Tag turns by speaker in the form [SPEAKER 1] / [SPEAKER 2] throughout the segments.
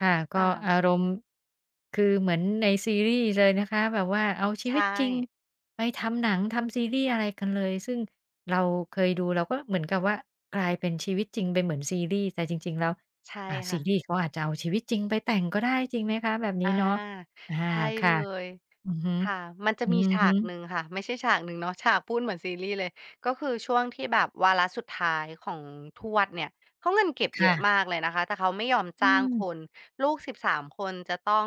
[SPEAKER 1] ค่ะ ก
[SPEAKER 2] อ
[SPEAKER 1] ็อา
[SPEAKER 2] า
[SPEAKER 1] รมณ์คือเหมือนในซีรีส์เลยนะคะ แบบว่าเอาชี
[SPEAKER 2] ใช
[SPEAKER 1] วิตจริง
[SPEAKER 2] ่
[SPEAKER 1] ไปทำหนัง ทำซีรีส์ อะไรกันเลย ซึ่งเราเคยดู เราก็เหมือนกับว่ากลายเป็นชีวิตจริง เป็นเหมือนซีรีส์ แต่จริง ๆ แล้ว
[SPEAKER 2] ใช่
[SPEAKER 1] อ่า ซ
[SPEAKER 2] ค
[SPEAKER 1] ี
[SPEAKER 2] ่ะ
[SPEAKER 1] รี่ส์เขาอาจจะเอาชีวิตจริงไปแต่งก็ได้ จริงไหมคะ? แบบนี
[SPEAKER 2] อ
[SPEAKER 1] ้
[SPEAKER 2] า
[SPEAKER 1] เนาะ อา
[SPEAKER 2] ใช่
[SPEAKER 1] ค่
[SPEAKER 2] เ
[SPEAKER 1] ะ
[SPEAKER 2] ลย
[SPEAKER 1] อือฮึ
[SPEAKER 2] ค่ะ มันจะ
[SPEAKER 1] อื
[SPEAKER 2] มี
[SPEAKER 1] อ
[SPEAKER 2] ฉา
[SPEAKER 1] ฮ
[SPEAKER 2] ก
[SPEAKER 1] ึ
[SPEAKER 2] หนึ่งค่ะ ไม่ใช่ฉากหนึ่งเนาะ ฉาก พูดเหมือนซีรีส์เลย ก็คือช่วงที่แบบวาระสุดท้ายของทวดเนี่ย เขาเงินเก็บ
[SPEAKER 1] ค
[SPEAKER 2] เย
[SPEAKER 1] ่
[SPEAKER 2] อะ
[SPEAKER 1] ะ
[SPEAKER 2] มากเลยนะคะ แต่เขาไม่ยอม
[SPEAKER 1] อ
[SPEAKER 2] จ
[SPEAKER 1] ื
[SPEAKER 2] ้างค
[SPEAKER 1] ม
[SPEAKER 2] น ลูก 13 คน จะต้อง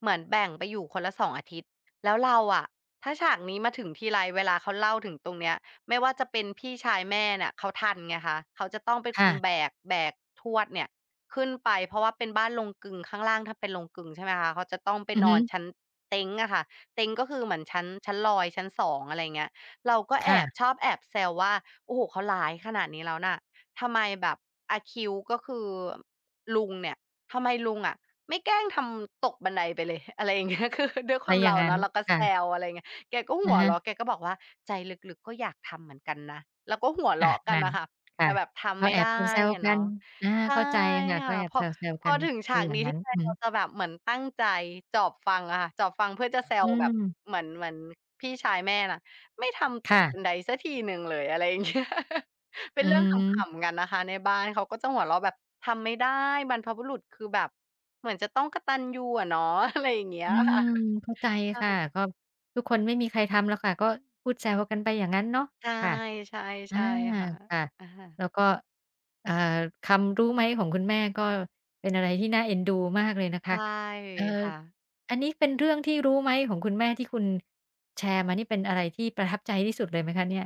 [SPEAKER 2] เหมือนแบ่งไปอยู่คนละ 2 อาทิตย์ แล้วเราอะ ถ้าฉากนี้มาถึงทีไร เวลาเขาเล่าถึงตรงเนี้ย ไม่ว่าจะเป็นพี่ชายแม่เนี่ย เขาทันไงคะ เขาจะต้องเป็น
[SPEAKER 1] ค
[SPEAKER 2] ค
[SPEAKER 1] ่
[SPEAKER 2] น
[SPEAKER 1] ะ
[SPEAKER 2] แบก แบกทวดเนี่ยขึ้นไป เพราะว่าเป็นบ้านโรงกลึง ข้างล่างถ้าเป็นโรงกลึงใช่ไหมคะ เขาจะต้องไป
[SPEAKER 1] อือ
[SPEAKER 2] น
[SPEAKER 1] ฮ
[SPEAKER 2] อน
[SPEAKER 1] ึ
[SPEAKER 2] ชั้นเต๊งอะค่ะ เต๊งก็คือเหมือนชั้น ชั้นลอย ชั้น 2 อะไรอย่างเงี้ย เราก็
[SPEAKER 1] ค
[SPEAKER 2] แอ
[SPEAKER 1] ่
[SPEAKER 2] บ
[SPEAKER 1] ะ
[SPEAKER 2] ชอบแอบแซวว่า "โอ้โฮ! เขาร้ายขนาดนี้แล้วนะ ทำไมแบบอาคิว" ก็คือลุงเนี่ย "ทำไมลุงอะไม่แกล้งทำตกบันไดไปเลย?" อะไรอย่าง เงี้ย คือ ด้วยค
[SPEAKER 1] ถ
[SPEAKER 2] ว
[SPEAKER 1] ้
[SPEAKER 2] า
[SPEAKER 1] า
[SPEAKER 2] ม
[SPEAKER 1] อย
[SPEAKER 2] เ
[SPEAKER 1] ่
[SPEAKER 2] ร
[SPEAKER 1] า
[SPEAKER 2] า
[SPEAKER 1] งงั
[SPEAKER 2] เ
[SPEAKER 1] ้
[SPEAKER 2] นา
[SPEAKER 1] น
[SPEAKER 2] ะ เราก็
[SPEAKER 1] ค
[SPEAKER 2] แ
[SPEAKER 1] ่
[SPEAKER 2] ซ
[SPEAKER 1] ะ
[SPEAKER 2] ว อะไรอย่างเงี้ย แกก็ห
[SPEAKER 1] อะ
[SPEAKER 2] ัว
[SPEAKER 1] ฮ
[SPEAKER 2] เรา
[SPEAKER 1] ะ
[SPEAKER 2] ะแกก็บอกว่า "ใจลึก ๆ ก็อยากทำเหมือนกันนะ" ก็หัวเ
[SPEAKER 1] อ
[SPEAKER 2] ร
[SPEAKER 1] า
[SPEAKER 2] าะกั
[SPEAKER 1] นั
[SPEAKER 2] น
[SPEAKER 1] ่
[SPEAKER 2] อ
[SPEAKER 1] น
[SPEAKER 2] ะค่ะ
[SPEAKER 1] ค
[SPEAKER 2] แต
[SPEAKER 1] ่
[SPEAKER 2] ่
[SPEAKER 1] ะ
[SPEAKER 2] แบบท
[SPEAKER 1] ก
[SPEAKER 2] ำ
[SPEAKER 1] ็
[SPEAKER 2] ไม่
[SPEAKER 1] แอ
[SPEAKER 2] ได้
[SPEAKER 1] บแซว
[SPEAKER 2] อะ
[SPEAKER 1] ๆ
[SPEAKER 2] เ
[SPEAKER 1] ก
[SPEAKER 2] น
[SPEAKER 1] ั
[SPEAKER 2] าะ
[SPEAKER 1] น อา
[SPEAKER 2] ใช่
[SPEAKER 1] เข้าใจค่ะ
[SPEAKER 2] ค
[SPEAKER 1] ก
[SPEAKER 2] ่
[SPEAKER 1] ็
[SPEAKER 2] ะ
[SPEAKER 1] แอบ
[SPEAKER 2] พ
[SPEAKER 1] แ
[SPEAKER 2] อ
[SPEAKER 1] ซว
[SPEAKER 2] พ
[SPEAKER 1] ๆ กั
[SPEAKER 2] อ
[SPEAKER 1] น
[SPEAKER 2] ถึงฉ
[SPEAKER 1] เป
[SPEAKER 2] า
[SPEAKER 1] ็น
[SPEAKER 2] ก
[SPEAKER 1] อย่
[SPEAKER 2] น
[SPEAKER 1] า
[SPEAKER 2] ี
[SPEAKER 1] ง
[SPEAKER 2] ้
[SPEAKER 1] น
[SPEAKER 2] ท
[SPEAKER 1] ั้
[SPEAKER 2] ี
[SPEAKER 1] น
[SPEAKER 2] ไร
[SPEAKER 1] อื
[SPEAKER 2] เรา
[SPEAKER 1] ม
[SPEAKER 2] จะแบบเหมือนตั้งใจจอบฟังอะค่ะ จอบฟังเพื่อจะ แซ
[SPEAKER 1] อื
[SPEAKER 2] วแบบ
[SPEAKER 1] ม
[SPEAKER 2] เหมือน เหมือนพี่ชายแม่นะ "ไม่ทำ
[SPEAKER 1] ค
[SPEAKER 2] ต
[SPEAKER 1] ่
[SPEAKER 2] กบ
[SPEAKER 1] ะ
[SPEAKER 2] ันไดสักทีหนึ่งเลย" อะไรอย่าง เงี้ย เป็
[SPEAKER 1] อื
[SPEAKER 2] น เรื่องข
[SPEAKER 1] อ
[SPEAKER 2] ำ ๆ กันนะคะ ในบ้านเขาก็จะหัวเราะแบบ ทำไม่ได้ บรรพบุรุษคือแบบ เหมือนจะต้องกตัญญูอะเนาะ อะไรอย่างเงี้
[SPEAKER 1] อ
[SPEAKER 2] ย
[SPEAKER 1] ื
[SPEAKER 2] ค่ะ
[SPEAKER 1] ม เข้าใจ
[SPEAKER 2] ใช่
[SPEAKER 1] ค่ะ ก็ทุกคนไม่มีใครทำหรอกค่ะ ก็พูดแซวกันไปอย่างงั้นเนาะ
[SPEAKER 2] ใช่
[SPEAKER 1] ค่ะ
[SPEAKER 2] ใช่
[SPEAKER 1] อ
[SPEAKER 2] ใ
[SPEAKER 1] า
[SPEAKER 2] ช่ค่ะ
[SPEAKER 1] ค่ะ
[SPEAKER 2] อา
[SPEAKER 1] แล้วก็ เอ่อ คำ รู้ไหมของคุณแม่ก็ เป็นอะไรที่น่าเอ็นดูมากเลยนะ
[SPEAKER 2] ใช
[SPEAKER 1] คะ
[SPEAKER 2] ่
[SPEAKER 1] เอ่อ
[SPEAKER 2] ค่ะ
[SPEAKER 1] อันนี้เป็นเรื่องที่รู้ไหมของคุณแม่ที่คุณแชร์มานี่ เป็นอะไรที่ประทับใจที่สุดเลยไหมคะเนี่ย?